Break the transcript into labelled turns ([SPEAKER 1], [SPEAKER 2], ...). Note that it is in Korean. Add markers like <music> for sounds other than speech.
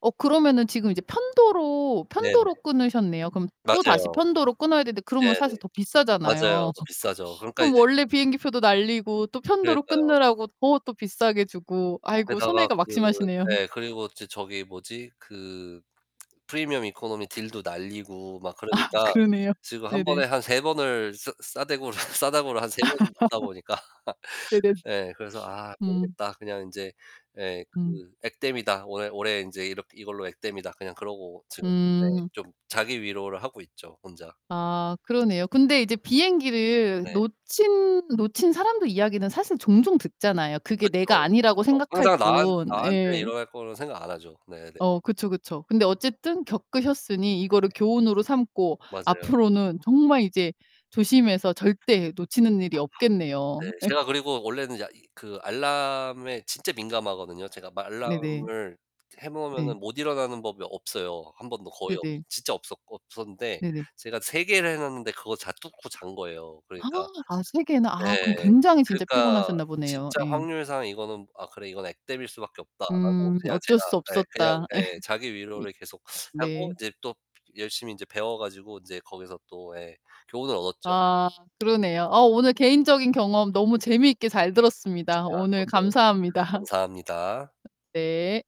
[SPEAKER 1] 어 그러면은 지금 이제 편도로,
[SPEAKER 2] 네네.
[SPEAKER 1] 편도로 끊으셨네요. 그럼 또다시
[SPEAKER 2] 맞아요.
[SPEAKER 1] 편도로 끊어야 되는데 그러면
[SPEAKER 2] 네네.
[SPEAKER 1] 사실 더
[SPEAKER 2] 맞아요.
[SPEAKER 1] 비싸잖아요.
[SPEAKER 2] 더
[SPEAKER 1] <laughs>
[SPEAKER 2] 비싸죠. 그러니까 이제
[SPEAKER 1] 그럼 원래 비행기표도 날리고 또 편도로
[SPEAKER 2] 그러니까요.
[SPEAKER 1] 끊느라고 더 또 비싸게 주고. 아이고
[SPEAKER 2] 거기다가
[SPEAKER 1] 손해가
[SPEAKER 2] 그
[SPEAKER 1] 막심하시네요.
[SPEAKER 2] 예. 그리고 저 저기 뭐지? 그 프리미엄 이코노미 딜도 날리고 막
[SPEAKER 1] 아,
[SPEAKER 2] 그러니까
[SPEAKER 1] 그러네요.
[SPEAKER 2] 지금 1
[SPEAKER 1] 네네.
[SPEAKER 2] 번에 한 3 번을 싸 싸대구를 싸다구를 한 3 번은 맞다
[SPEAKER 1] <laughs>
[SPEAKER 2] 보니까 <laughs>
[SPEAKER 1] 네네.
[SPEAKER 2] 예. 그래서 '아
[SPEAKER 1] 음.
[SPEAKER 2] 모르겠다. 그냥 인제 예.
[SPEAKER 1] 음.
[SPEAKER 2] 그 액땜이다. 올해 올해 인제 이렇게 이걸로 액땜이다.' 그냥 그러고 지금 네
[SPEAKER 1] 음.
[SPEAKER 2] 좀 자기 위로를 하고 있죠 혼자.
[SPEAKER 1] 아 그러네요. 근데 이제 비행기를
[SPEAKER 2] 네.
[SPEAKER 1] 놓친 놓친 사람들 이야기는 사실 종종 듣잖아요. 그게 내가
[SPEAKER 2] 그쵸,
[SPEAKER 1] 아니라고
[SPEAKER 2] 그쵸.
[SPEAKER 1] 생각할
[SPEAKER 2] 항상 나한
[SPEAKER 1] 뿐.
[SPEAKER 2] 나한테
[SPEAKER 1] 예.
[SPEAKER 2] 일어날 거로는 생각 안 하죠. 네 네.
[SPEAKER 1] 어 그쵸, 그쵸. 근데 어쨌든 겪으셨으니 이거를 교훈으로 삼고
[SPEAKER 2] 맞아요.
[SPEAKER 1] 앞으로는 정말 이제 조심해서 절대 놓치는 일이
[SPEAKER 2] 네.
[SPEAKER 1] 없겠네요. 예.
[SPEAKER 2] 제가 그리고 원래는 야 이 그 알람에 진짜 민감하거든요. 제가
[SPEAKER 1] 네네.
[SPEAKER 2] 알람을 이제 해
[SPEAKER 1] 네.
[SPEAKER 2] 모으면은 못 일어나는 법이 없어요. 1 번도 거의 없
[SPEAKER 1] 네네.
[SPEAKER 2] 진짜 없었거 없었는데
[SPEAKER 1] 네네.
[SPEAKER 2] 제가 3 개를 해 놨는데 그거 다 뚫고 잔 거예요. 그러니까
[SPEAKER 1] <gasps> 아 3 개나 아
[SPEAKER 2] 예.
[SPEAKER 1] 그럼 굉장히 진짜
[SPEAKER 2] 그러니까
[SPEAKER 1] 피곤하셨나 보네요.
[SPEAKER 2] 진짜
[SPEAKER 1] 예.
[SPEAKER 2] 확률상 이거는 '아, 그래 이건 액땜일 수밖에 없다.'라고
[SPEAKER 1] 음
[SPEAKER 2] 그냥
[SPEAKER 1] 어쩔
[SPEAKER 2] 제가
[SPEAKER 1] 수
[SPEAKER 2] 예 그냥
[SPEAKER 1] 없었다. 예.
[SPEAKER 2] 예 자기
[SPEAKER 1] 이
[SPEAKER 2] 위로를 계속 하고
[SPEAKER 1] 네.
[SPEAKER 2] 인제 또 열심히 인제 배워 가지고 인제 거기서 또 예 교훈을 얻었죠
[SPEAKER 1] 아
[SPEAKER 2] 제가.
[SPEAKER 1] 그러네요. 어 오늘 개인적인 경험 너무 재미있게 잘 들었습니다.
[SPEAKER 2] 아
[SPEAKER 1] 오늘
[SPEAKER 2] 저도
[SPEAKER 1] 감사합니다.
[SPEAKER 2] 감사합니다.
[SPEAKER 1] 예.